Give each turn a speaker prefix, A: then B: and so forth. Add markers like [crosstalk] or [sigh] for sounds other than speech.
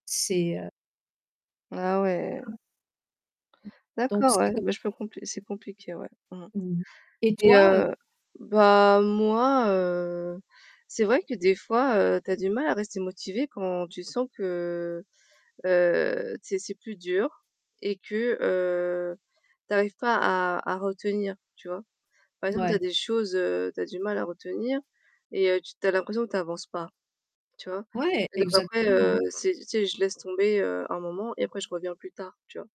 A: C'est, heu
B: Ah ouais.
A: [unintelligible] Mmh. Donc
B: D'accord
A: c'est
B: ouais.
A: comme
B: Bah je peux compr que c'est compliqué, ouais, mmh mh.
A: Mmh, et
B: Et
A: toi, heu?
B: heu, bah moi, heu, c'est vrai que des fois, heu, tu as du mal à rester motivé quand tu sens que, heu, tu sais c'est plus dur et que, heu, t'arrives pas à à retenir, tu vois? Par exemple, tu
A: Ouais.
B: as des choses, heu, tu as du mal à retenir et heu, tu tu as l'impression que tu avances pas, tu vois?
A: Ouais,
B: Et donc après,
A: exactement.
B: heu, c'est tu sais, je je laisse tomber, heu, un moment et après je reviens plus tard, tu vois?